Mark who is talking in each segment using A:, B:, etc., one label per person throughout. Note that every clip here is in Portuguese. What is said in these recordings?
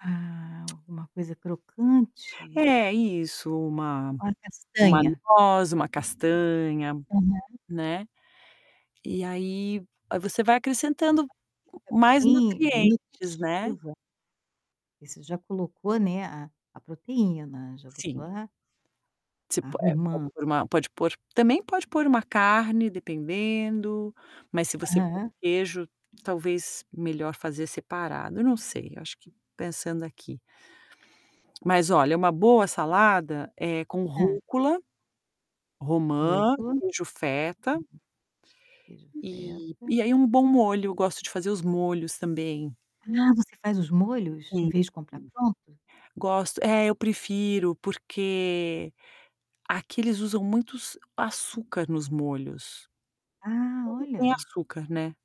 A: Ah, alguma coisa crocante?
B: É, isso, uma
A: Uma
B: uma
A: castanha.
B: noz, uma castanha,
A: Aham.
B: né. E aí, ah, você vai acrescentando
A: Fica
B: mais
A: bem bem
B: nutrientes, né.
A: nutritiva. E você já colocou, né, a a proteína, já botou
B: Sim.
A: a
B: Você
A: a
B: po é, pode
A: romã.
B: pôr uma pode pôr também pode pôr uma carne, dependendo, mas se você pôr
A: Aham.
B: queijo, talvez melhor fazer separado. Eu não sei, eu acho que pensando aqui. Mas olha, uma boa salada é com
A: Hã.
B: rúcula, romã,
A: Rúcula. Uhum.
B: queijo feta
A: Queijo
B: e
A: feta.
B: e aí um bom molho. Gosto de fazer os molhos também.
A: Ah, você faz os molhos, em
B: [unintelligible]
A: vez de comprar pronto?
B: Gosto é, eu prefiro, porque aqui eles usam muitos açúcar nos molhos.
A: Ah,
B: Tudo tem
A: olha!
B: açúcar, né.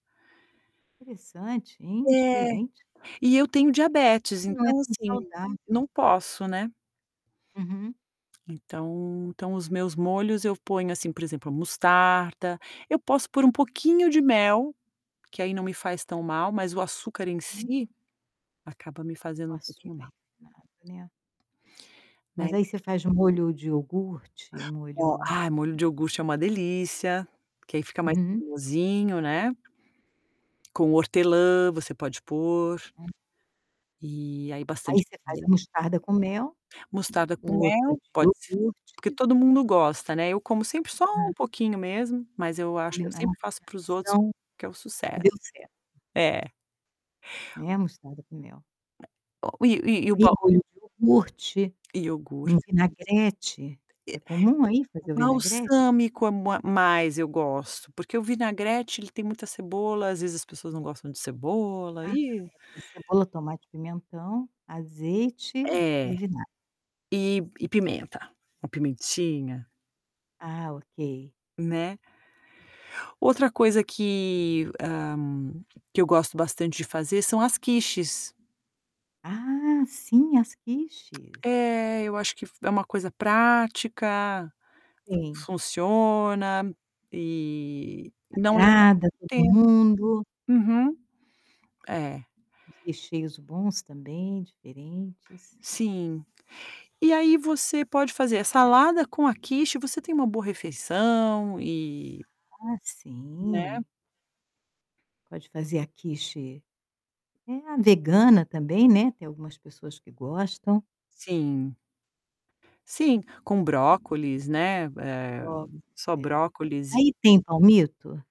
A: Interessante, hein,
B: É.
A: diferente.
B: E eu tenho diabetes,
A: Mas não é
B: então,
A: tão
B: assim,
A: saudável.
B: não posso, né.
A: Uhum.
B: Então então, os meus molhos eu ponho, assim, por exemplo, a mostarda, eu posso pôr um pouquinho de mel, que aí não me faz tão mal, mas o açúcar em
A: Uhum.
B: si, acaba me
A: O
B: fazendo um
A: açúcar
B: pouquinho mal.
A: refinado, né.
B: Né.
A: Mas aí você faz molho de iogurte?
B: Ó
A: Molho
B: ai, molho de iogurte é uma delícia, porque aí fica mais
A: Uhum.
B: cremosinho, né. Com hortelã você pode pôr.
A: [unintelligible]
B: E aí bastante
A: Aí você faz a
B: [unintelligible]
A: mostarda com mel,
B: Mostarda com
A: o outro
B: mel,
A: de
B: pode ser, porque
A: iogurte
B: todo mundo gosta, né, eu como sempre só
A: Aham.
B: um pouquinho mesmo, mas eu acho eu
A: Combina é uma
B: sempre faço para os outros,
A: combinação
B: que é o
A: que
B: sucesso.
A: deu certo.
B: É.
A: Né, mostarda com mel.
B: O e e o
A: Tem
B: bom
A: molho de iogurte,
B: Iogur
A: um vinagrete. É comum aí
B: E
A: fazer o vinagrete?
B: balsâmico é bo mas eu gosto, porque o vinagrete ele tem muita cebola, às vezes, as pessoas não gostam de cebola,
A: Ah,
B: ih.
A: é. É cebola, tomate, pimentão, azeite
B: É.
A: e vinagre.
B: E e pimenta. Uma pimentinha.
A: Ah, ok.
B: Né. Outra coisa que ah, que eu gosto bastante de fazer são as quiches.
A: Ah, sim, as quiches.
B: É, eu acho que f é uma coisa prática,
A: Sim.
B: funciona, e não leva
A: Agrada
B: muito
A: todo
B: tempo.
A: mundo.
B: Uhum. É.
A: Os recheios bons também, diferentes.
B: Sim. E aí você pode fazer a salada com a quiche, você tem uma boa refeição e
A: Ah,
B: Né.
A: sim. Pode fazer a quiche é, a vegana também, né, tem algumas pessoas que gostam.
B: Sim. Sim, com brócolis, né, eh,
A: [unintelligible]
B: só
A: É.
B: brócolis e
A: Aí tem palmito?